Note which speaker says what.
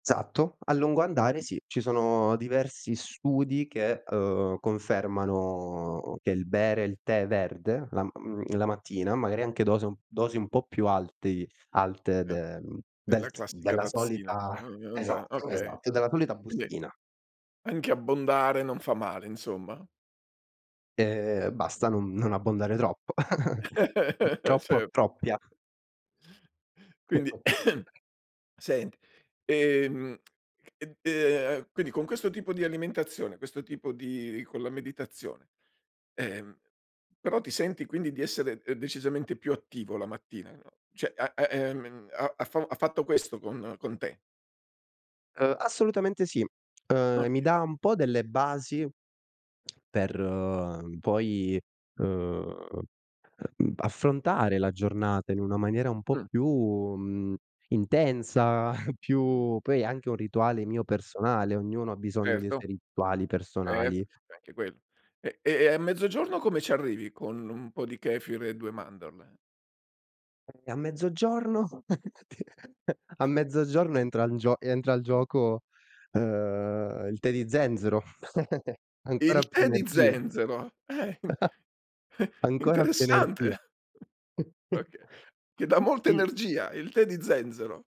Speaker 1: Esatto. A lungo andare sì, ci sono diversi studi che, ehm, confermano, che il bere il tè verde la mhmm, la mattina, magari anche dose un dosi un po' più altei alte
Speaker 2: Ah,
Speaker 1: de mhmm,
Speaker 2: è
Speaker 1: del
Speaker 2: la
Speaker 1: s
Speaker 2: classica
Speaker 1: della
Speaker 2: tazzina
Speaker 1: solita
Speaker 2: diciamo [unintelligible]
Speaker 1: esatto,
Speaker 2: okay.
Speaker 1: esatt e della solita
Speaker 2: Quindi,
Speaker 1: bustina.
Speaker 2: anche abbondare non fa male, insomma.
Speaker 1: Ehm, e basta non non abbondare troppo. Mhmm, troppo,
Speaker 2: Certo.
Speaker 1: troppia.
Speaker 2: Quindi
Speaker 1: [unintelligible]
Speaker 2: sent ehm, e d ehm, quindi, con questo tipo di alimentazione, questo tipo di con la meditazione, ehm, però ti senti quindi di essere, ehm, decisamente più attivo la mattina, no, cioè a a ehm, m ha ha fa u ha fatto questo con con te.
Speaker 1: Ehm, assolutamente sì. Ehm,
Speaker 2: Okay.
Speaker 1: mi dà un po' delle basi per, ehm, poi, ehm, affrontare la giornata in una maniera un po'
Speaker 2: Mh.
Speaker 1: più, mhmm, intensa, più poi è anche un rituale mio personale, ognuno ha bisogno dei suoi
Speaker 2: Certo,
Speaker 1: rituali
Speaker 2: et
Speaker 1: personali.
Speaker 2: è anche quello. E ehm, a mezzogiorno come ci arrivi, con un po' di kefir e 2 mandorle?
Speaker 1: E a mezzogiorno? A mezzogiorno entra in gio e entra il gioco, ehm, il tè di zenzero. Ancora
Speaker 2: Il
Speaker 1: più
Speaker 2: tè di
Speaker 1: energia.
Speaker 2: zenzero! Eh, in
Speaker 1: Ancora più
Speaker 2: interessante.
Speaker 1: energia.
Speaker 2: Oka che dà molta
Speaker 1: Sì.
Speaker 2: energia, il tè di zenzero.